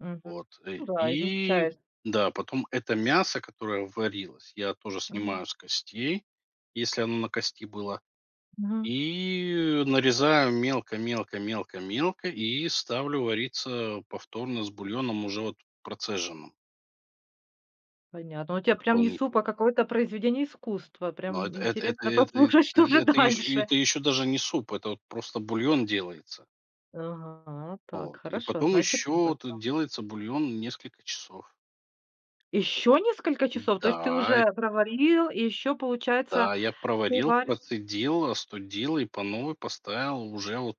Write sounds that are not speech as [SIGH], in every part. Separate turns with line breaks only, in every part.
Мгм.
Вот, э,
Ну да,
и
измельчаешь.
да, потом это мясо, которое варилось, я тоже
Мгм.
снимаю с костей, если оно на кости было.
Мгм.
И нарезаю мелко мелко мелко мелко и ставлю вариться повторно с бульоном, уже вот процеженным
Понятно. Ну, у тебя прям не суп,
дополнительно.
а какое-то произведение искусства.
Но эт
Прям
эт это
интересно
это, э,
послушать, что же
это еще
дальше.
это еще даже не суп, это вот просто бульон делается.
Ага, так,
Вот. И
хорошо.
потом
Значит, в
еще тут
этом.
делается бульон несколько часов.
Ещё несколько часов? То есть ты
Да.
уже проварил, и еще, получается,
Да, я
ты
проварил,
варишь
процедил, остудил, и по новой поставил уже вот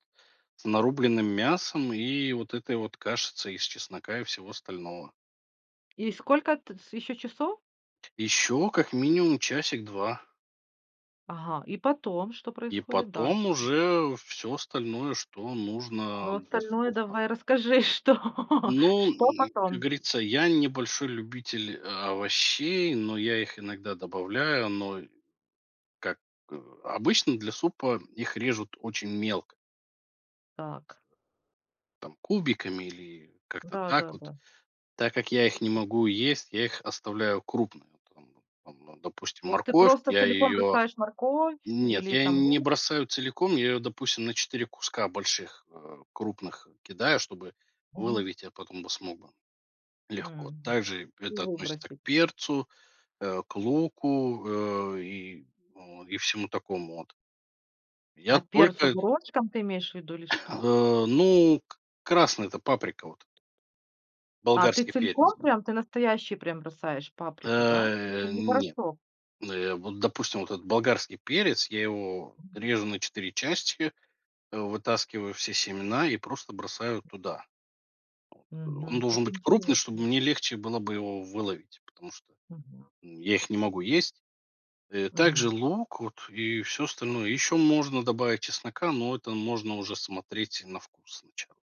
с нарубленным мясом, и вот этой вот кашицей из чеснока и всего остального.
И сколько, т с еще часов?
Еще как минимум часик-два.
Ага, и потом, что
И
происходит
потом
дальше?
уже всё остальное, что нужно
Ну,
для
остальное,
супа.
давай, расскажи, что
Ну,
что
м, как
потом?
говорится, я не большой любитель овощей, но я их иногда добавляю, но как, э обычно для супа их режут очень мелко
Так.
там, кубиками или как-то так вот.
Да-да-да.
Так как я их не могу есть, я их оставляю крупные вот там вот. Там, ну, допустим,
Вот ты
морковь-
просто
я
целиком
ее
бросаешь морковь,
нет,
или,
я
там,
не
лук?
бросаю целиком. Я ее, допустим, на 4 куска больших, э, крупных кидаю, чтобы
Мгм.
выловить я потом бы смог бы легко.
М.
Также
И
это относится к
выбросить.
перцу, э, к луку, э, и, вот, и всему такому от. Я
А перцу
только
горошком ты имеешь в виду, или что?
[COUGHS] э, ну, к красный- это паприка вот
А ты
болгарский перец.
целиком прям, ты настоящий прям бросаешь, паприку, да? Ну,
Э,
не
нет.
порошок?
Н э, вот, допустим, вот этот болгарский перец, я его режу на 4 части, вытаскиваю все семена, и просто бросаю туда. Вот. Он
Мгм.
должен
Как
быть крупный, чтобы
интересно.
мне легче было бы его выловить. Потому что
Мгм.
я их не могу есть. Э, так же
Мгм.
лук вот, и всё остальное. Еще можно добавить чеснока, но это можно уже смотреть на вкус сначала.